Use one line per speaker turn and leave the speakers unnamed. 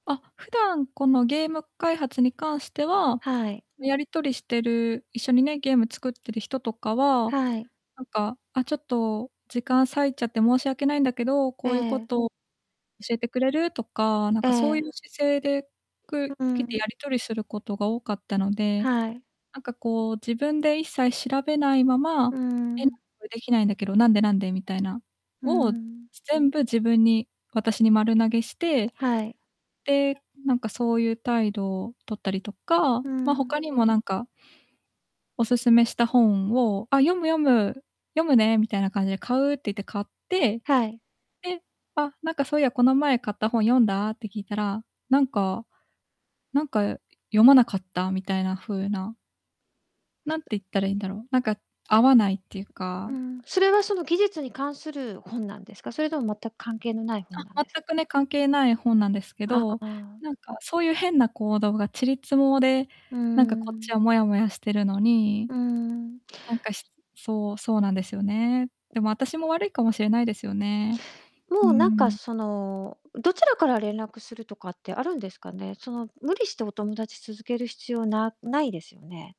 あ、普段、このゲーム開発に関しては、
はい。
やり取りしてる、一緒にね、ゲーム作ってる人とかは、
はい。
なんか、「あ、ちょっと時間割いちゃって申し訳ないんだけど、こういうこ
ええ。
と教えてくれる？」とか、なん
え
か、そういう
え。
姿勢で
う
く
ー
来て
ん。
やり取りすることが多かったので、
はい。
なんか、こう、自分で一切調べないま
う
ま、
ー
[unintelligible]
ん。
できないんだけど、「なんで？なんで？」みたいな、
うー
を、
ん。
全部自分に、私に丸投げして。
はい。
で、なんか、そういう態度をとったりとか、
うー
ま、他
ん。
にも、なんかお勧めした本を、「あ、読む読む。読むね」みたいな感じで「買う」って言って買って。
はい。
え、「あ、なんか、そういや、この前買った本読んだ？」って聞いたら、なんかなんか、読まなかったみたいな風な。何て言ったらいいんだろう、なんか、合わないっていう
う
か。
ーん、それは、その技術に関する本なんですか？それとも、全く関係のない本なん
あ、
ですか？
全くね、関係ない本なんですけ
あ
ど、
あ。
なんか、そういう変な行動がちり積もで、
うー
なんか、こっ
ん。
ちはモヤモヤしてるのに。
うーん。
なんか、しそうそうなんですよね。でも、私も悪いかもしれないですよね。う
も
ー
う、なんか、
ん。
そのどちらから連絡するとかってあるんですかね？その、無理してお友達続ける必要なないですよね。